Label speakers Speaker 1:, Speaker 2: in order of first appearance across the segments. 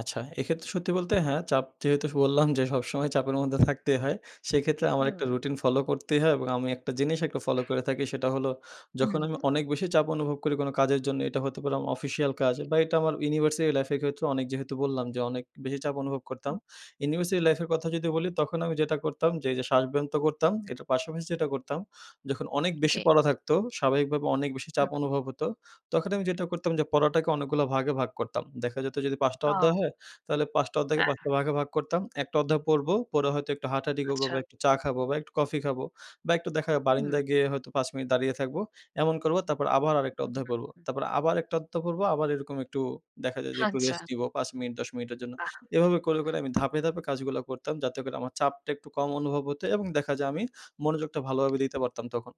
Speaker 1: আচ্ছা, এক্ষেত্রে সত্যি বলতে হ্যাঁ, চাপ যেহেতু বললাম যে সবসময় চাপের মধ্যে থাকতেই হয়। সেক্ষেত্রে আমার একটা
Speaker 2: হুম।
Speaker 1: রুটিন ফলো করতেই হয় এবং আমি একটা জিনিস একটু ফলো করে থাকি, সেটা হল, যখন আমি
Speaker 2: উহুম।
Speaker 1: অনেক বেশি চাপ অনুভব করি কোনো কাজের জন্য, এটা হতে পারে আমার অফিসিয়াল কাজ
Speaker 2: জ্বী।
Speaker 1: বা এটা আমার ইউনিভার্সিটি লাইফের ক্ষেত্রে অনেক যেহেতু বললাম যে, অনেক বেশি চাপ অনুভব
Speaker 2: উ
Speaker 1: করতাম। ইউনিভার্সিটি লাইফের কথা যদি বলি, তখন আমি যেটা করতাম যে এই যে শ্বাসব্যন্ত করতাম, এটার পাশাপাশি যেটা করতাম, যখন অনেক বেশি
Speaker 2: জ্বী।
Speaker 1: পড়া থাকতো স্বাভাবিকভাবে অনেক বেশি চাপ
Speaker 2: হুম।
Speaker 1: অনুভব হতো, তখন আমি যেটা করতাম যে পড়াটাকে অনেকগুলা ভাগে ভাগ করতাম। দেখা যেত যদি ৫ টা অধ্যায়
Speaker 2: ও!
Speaker 1: হয়, তাহলে ৫ টা অধ্যায়কে ৫
Speaker 2: হ্যাঁ।
Speaker 1: টা ভাগে ভাগ করতাম। ১ টা অধ্যায় পড়বো, পরে হয়তো একটু হাঁটাহাঁটি করবো
Speaker 2: আচ্ছা।
Speaker 1: বা একটু চা খাবো বা একটু কফি খাবো বা একটু দেখা
Speaker 2: হুম।
Speaker 1: বারিন্দায় গিয়ে হয়তো ৫ মিনিট দাঁড়িয়ে থাকবো। এমন করবো তারপর আবার আরেকটা
Speaker 2: হু,
Speaker 1: অধ্যায়
Speaker 2: হু,
Speaker 1: পড়বো।
Speaker 2: হু।
Speaker 1: তারপর আবার ১টা অধ্যায় পড়বো আবার এরকম একটু দেখা যায় যে, একটু
Speaker 2: আচ্ছা।
Speaker 1: রেস্ট নিবো ৫ মিনিট, ১০ মিনিটের জন্য।
Speaker 2: আহ!
Speaker 1: এভাবে করে, করে আমি ধাপে, ধাপে কাজগুলা করতাম, যাতে করে আমার চাপটা একটু কম অনুভব হতো এবং দেখা যায় আমি মনোযোগটা ভালোভাবে দিতে পারতাম তখন।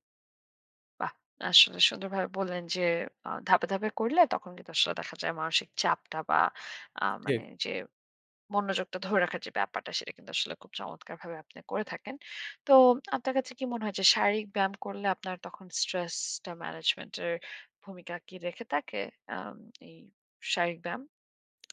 Speaker 2: বাহ! আসলে সুন্দরভাবে বললেন যে আ ধাপে, ধাপে করলে, তখন কিন্তু আসলে দেখা যায় মানসিক চাপটা বা আ মানে
Speaker 1: ঠিক।
Speaker 2: যে মনোযোগটা ধরে রাখার যে ব্যাপারটা, সেটা কিন্তু আসলে খুব চমৎকারভাবে আপনি করে থাকেন। তো আপনার কাছে কি মনে হয় যে, শারীরিক ব্যায়াম করলে আপনার তখন স্ট্রেসটা ম্যানেজমেন্ট এর ভূমিকা কি রেখে থাকে, আম এই শারীরিক ব্যায়াম?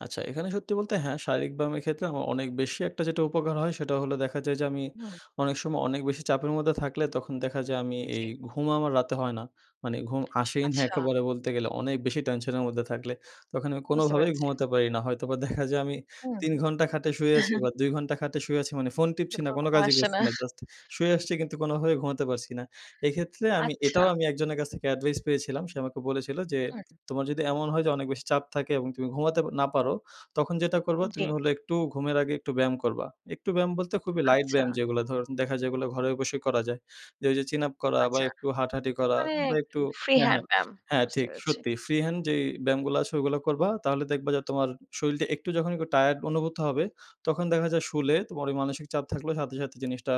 Speaker 1: আচ্ছা, এখানে সত্যি বলতে হ্যাঁ, শারীরিক ব্যায়ামের ক্ষেত্রে আমার অনেক বেশি একটা যেটা উপকার হয়, সেটা হল দেখা যায় যে আমি
Speaker 2: হুম।
Speaker 1: অনেক সময় অনেক বেশি চাপের মধ্যে থাকলে, তখন দেখা যায় আমি এই
Speaker 2: জ্বী।
Speaker 1: ঘুম আমার রাতে হয় না। মানে ঘুম আসেই না
Speaker 2: আচ্ছা।
Speaker 1: একেবারে বলতে গেলে, অনেক বেশি টেনশনের মধ্যে থাকলে, তখন আমি
Speaker 2: বুঝতে
Speaker 1: কোনোভাবেই
Speaker 2: পেরেছি।
Speaker 1: ঘুমোতে পারি না। হয়তোবা দেখা যায় আমি ৩
Speaker 2: হুম।
Speaker 1: ঘন্টা খাটে শুয়ে আছি বা ২ ঘন্টা খাটে শুয়ে আছি মানে, ফোন টিপছি না
Speaker 2: [unintelligible]
Speaker 1: কোনো
Speaker 2: ঘুম
Speaker 1: কাজই
Speaker 2: আসে
Speaker 1: করছি
Speaker 2: না।
Speaker 1: না। জাস্ট শুয়ে আসছি কিন্তু কোনোভাবে ঘুমাতে পারছি না। এক্ষেত্রে আমি
Speaker 2: আচ্ছা।
Speaker 1: এটাও আমি একজনের কাছ থেকে অ্যাডভাইস পেয়েছিলাম, সে আমাকে বলেছিল যে,
Speaker 2: হুম।
Speaker 1: "তোমার যদি এমন হয় যে, অনেক বেশি চাপ থাকে এবং তুমি ঘুমাতে পা না পারো, তখন যেটা করবা,
Speaker 2: জ্বী।
Speaker 1: তুমি হলো একটু ঘুমের আগে একটু ব্যায়াম করবা। একটু ব্যায়াম বলতে খুবই লাইট
Speaker 2: আচ্ছা।
Speaker 1: ব্যায়াম, যেইগুলা ধরুন দেখা যায় যেগুলো ঘরে বসে করা যায়, যে ওই যে চিন আপ করা বা
Speaker 2: আচ্ছা,
Speaker 1: একটু হাঁটাহাঁটি করা
Speaker 2: মানে
Speaker 1: বা
Speaker 2: একটু
Speaker 1: একটু
Speaker 2: ফ্রি
Speaker 1: হ্যাঁ,
Speaker 2: হ্যান্ড
Speaker 1: হ্যাঁ,
Speaker 2: ব্যায়াম।
Speaker 1: হ্যাঁ
Speaker 2: বুঝতে
Speaker 1: ঠিক,
Speaker 2: পেরেছি।
Speaker 1: সত্যি ফ্রি হ্যান্ড যেই ব্যায়ামগুলা আছে ওইগুলা করবা। তাহলে দেখবা যে তোমার শরীলটা একটু যখন একটু টায়ারড অনুভূত হবে, তখন দেখা যায় শুলে তোমার ওই মানসিক চাপ থাকলে, সাথে, সাথে জিনিসটা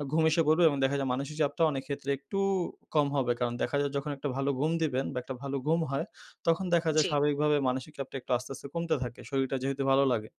Speaker 1: এ ঘুম এসে পড়বে এবং দেখা যায়, মানসিক চাপটা অনেক ক্ষেত্রে একটু কম হবে।" কারণ দেখা যায় যখন একটা ভালো ঘুম দিবেন বা একটা ভালো ঘুম হয়, তখন দেখা যায়
Speaker 2: জ্বী।
Speaker 1: স্বাভাবিকভাবে মানসিক চাপটা একটু আস্তে আস্তে, কমতে থাকে। শরীরটা যেহেতু ভালো লাগে।